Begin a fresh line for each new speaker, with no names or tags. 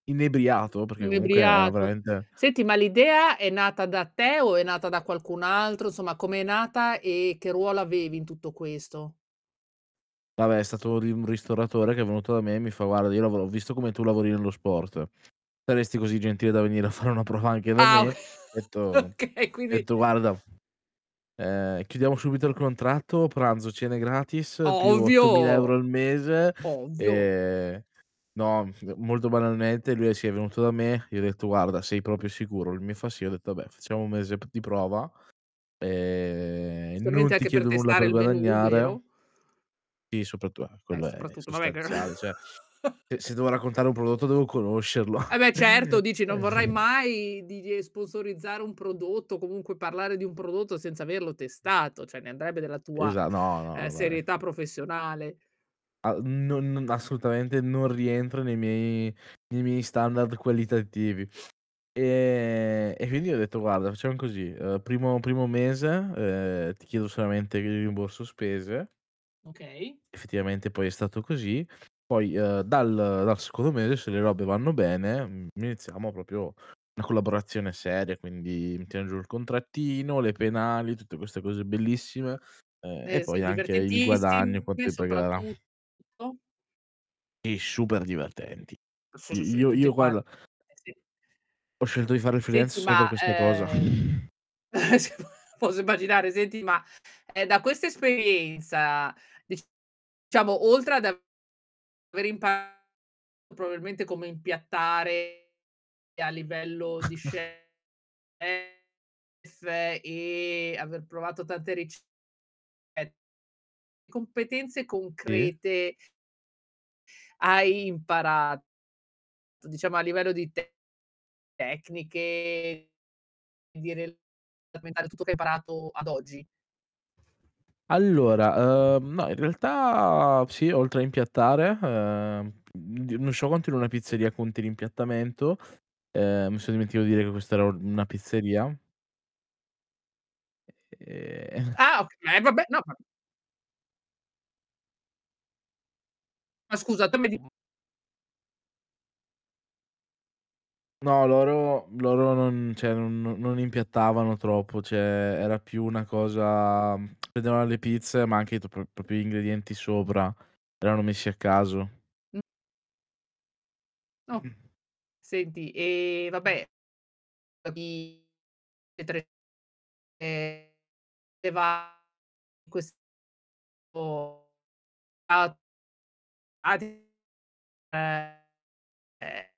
Inebriato, perché comunque era
Inebriato.
veramente
Senti, ma l'idea è nata da te o è nata da qualcun altro, insomma, come è nata, e che ruolo avevi in tutto questo?
Vabbè, è stato lì un ristoratore che è venuto da me e mi fa: "Guarda, io lavoro ho visto come tu lavori nello sport. Saresti così gentile da venire a fare una prova anche da
Ah,
me?". Ho detto
Oka
ho
okay, quindi
detto: "Guarda, ehm, chiudiamo subito il contratto." Pranzo, cene gratis, più
Ovvio,
8000 € euro al mese,
ovvio.
ehm no, molto banalmente lui è sì, è venuto da me, gli ho detto: "Guarda, sei proprio sicuro?" Lui mi fa: "Sì." Ho detto: "Vabbè, facciamo un mese p di prova, ehm,
Giustamente
non ti
anche per
chiedo nulla
testare
per
il menù,
guadagnare."
vero?
Sì, soprattu a
Eh,
quello è
soprattutto, vabbè che er
sostanziale. Cioè, eh, se devo raccontare un prodotto devo conoscerlo.
Eh, beh, certo dici: non vorrai
[unintelligible]
mai di di ehm, sponsorizzare un prodotto, o comunque parlare di un prodotto senza averlo testato, cioè ne andrebbe della tua,
Esa no,
ehm,
no, dai.
serietà professionale.
A non non assolutamente, non rientra nei miei nei miei standard qualitativi. Ehm, e quindi gli ho detto: "Guarda, facciam così: uhm, primo primo mese, ehm, ti chiedo solamente il rimborso spese."
Okay.
Effettivamente poi è stato così. "Poi, uhm, dal dal secondo mese, se le robe vanno bene, mhmm, iniziamo proprio una collaborazione seria." Quindi mi tiene giù il contrattino, le penali, tutte queste cose bellissime, ehm, e
Eh,
poi
sì,
anche il guadagno,
divertentissime
quanto mi pagherà.
soprattutto.
E super divertenti. I
[unintelligible]
io
tutti
io
quanti.
guarda
Eh, sì.
ho scelto di fare il freelance
Senti
solo per
ma,
questa cosa.
ehm, ce puera posso immaginare, senti ma, ehm, da questa esperienza, diciamo, oltre ad aver imparato probabilmente come impiattare a livello di chef, e aver provato tante ricette, di competenze
I
concrete hai imparato, diciamo a livello di te tecniche, di rel [unintelligible] tutto che hai parato ad oggi?
Allora, uhm, no, in realtà, sì, oltre a impiattare, ehm, mhmm, di non so quanto in una pizzeria conti l'impiattamento, ehm, mi son dimenticato di dire che questa era un una pizzeria. E e ehm
Ah, ok ma eh, vabbè, no ma ma scusa, tu mi di
No, loro loro non cioè, non no non impiattavano troppo cioè, era più una cosa mhmm, prendevano le pizze, ma anche i tro pro proprio gli ingredienti sopra, erano messi a caso.
[unintelligible] Okay. Senti, ehm, vabbè [unintelligible] ehm, e va in questo [unintelligible] [unintelligible] ehm, eh.